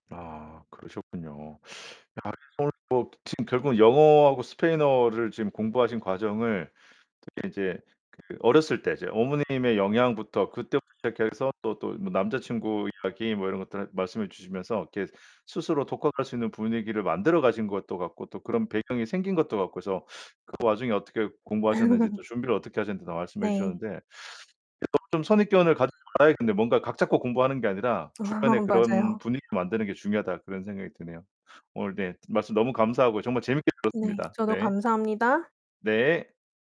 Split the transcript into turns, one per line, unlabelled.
아, 그러셨군요. 야 그래서 오늘 뭐 지금 결국은 영어하고 스페인어를 지금 공부하신 과정을 특히 이제 그 어렸을 때 이제 어머님의 영향부터 그때부터 시작해서 또, 또 뭐 남자친구 이야기 뭐 이런 것들을 말씀해 주시면서 이렇게 스스로 독학할 수 있는 분위기를 만들어가신 것도 같고, 또 그런 배경이 생긴 것도 같고서 그 와중에 어떻게 공부하셨는지, 또 준비를 어떻게 하셨는지도 말씀해
네.
주셨는데. 이런 좀 좀 선입견을 가지지 말아야겠는데 뭔가 '각 잡고 공부하는 게 아니라
아
주변에 그런
맞아요.
분위기 만드는 게 중요하다.' 그런 생각이 드네요. 오늘 네, 말씀 너무 감사하고요. 정말 재밌게
네,
들었습니다.
저도
네.
감사합니다.
네.